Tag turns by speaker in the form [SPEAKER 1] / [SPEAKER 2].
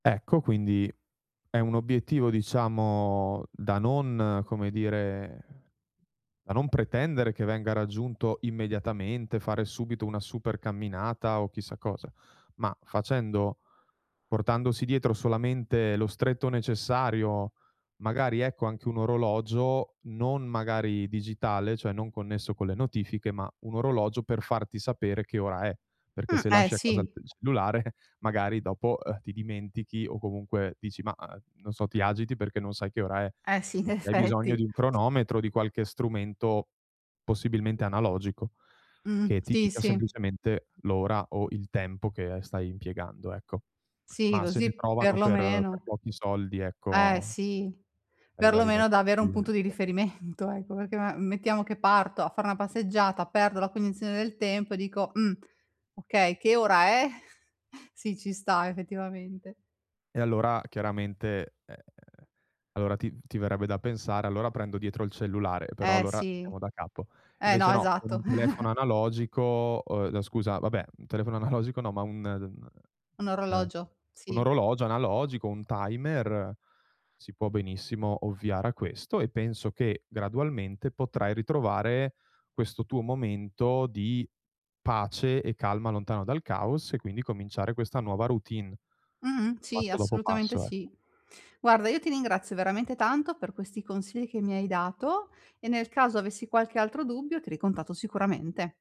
[SPEAKER 1] Ecco, quindi, è un obiettivo, diciamo, da non, come dire da non pretendere che venga raggiunto immediatamente, fare subito una super camminata, o chissà cosa, ma facendo portandosi dietro solamente lo stretto necessario, magari, ecco, anche un orologio non, magari, digitale, cioè non connesso con le notifiche, ma, un orologio per farti sapere che ora è. Perché
[SPEAKER 2] Mh,
[SPEAKER 1] se
[SPEAKER 2] eh
[SPEAKER 1] lasci a casa il
[SPEAKER 2] sì.
[SPEAKER 1] t cellulare, magari, dopo, uhm, ti dimentichi o comunque, dici: "Mah" uhm, non so, ti agiti perché non sai che ora è.
[SPEAKER 2] Eh sì, in
[SPEAKER 1] Qui hai bisogno
[SPEAKER 2] effetti.
[SPEAKER 1] di un cronometro, di qualche strumento, possibilmente analogico,
[SPEAKER 2] Mh,
[SPEAKER 1] che ti
[SPEAKER 2] sì,
[SPEAKER 1] dica
[SPEAKER 2] sì.
[SPEAKER 1] semplicemente l'ora o il tempo che, uhm, stai impiegando, ecco.
[SPEAKER 2] Sì,
[SPEAKER 1] Mah, se ne
[SPEAKER 2] così,
[SPEAKER 1] trovano per per
[SPEAKER 2] perlomeno
[SPEAKER 1] pochi soldi,
[SPEAKER 2] Eh,
[SPEAKER 1] ecco
[SPEAKER 2] sì,
[SPEAKER 1] ai vari
[SPEAKER 2] perlomeno da
[SPEAKER 1] negozi
[SPEAKER 2] avere un punto di
[SPEAKER 1] [unintelligible]
[SPEAKER 2] riferimento, ecco, perché ma mettiamo che parto a fare una passeggiata, perdo la cognizione del tempo, e dico: "Mh, okay. Che ora è?" Sì, ci sta, effettivamente.
[SPEAKER 1] E allora, chiaramente ehm, allora, ti ti verrebbe da pensare: "Allora, prendo dietro il cellulare", però,
[SPEAKER 2] Eh,
[SPEAKER 1] allora,
[SPEAKER 2] sì,
[SPEAKER 1] siamo da capo.
[SPEAKER 2] eh,
[SPEAKER 1] Invece
[SPEAKER 2] no,
[SPEAKER 1] no, con
[SPEAKER 2] esatto.
[SPEAKER 1] un telefono analogico uhm, n scusa, vabbè, telefono analogico, no, ma un uhm,
[SPEAKER 2] Un
[SPEAKER 1] un
[SPEAKER 2] orologio,
[SPEAKER 1] un
[SPEAKER 2] sì.
[SPEAKER 1] orologio analogico, un timer si può benissimo ovviare a questo, e penso che, gradualmente, potrai ritrovare questo tuo momento di, pace e calma, lontano dal caos e, quindi, cominciare questa nuova routine,
[SPEAKER 2] Mh-mh, sì,
[SPEAKER 1] passo dopo
[SPEAKER 2] assolutamente
[SPEAKER 1] passo, ec
[SPEAKER 2] sì. Guarda, io ti ringrazio veramente tanto, per questi consigli che mi hai dato, e nel caso avessi qualche altro dubbio, ti ricontatto sicuramente.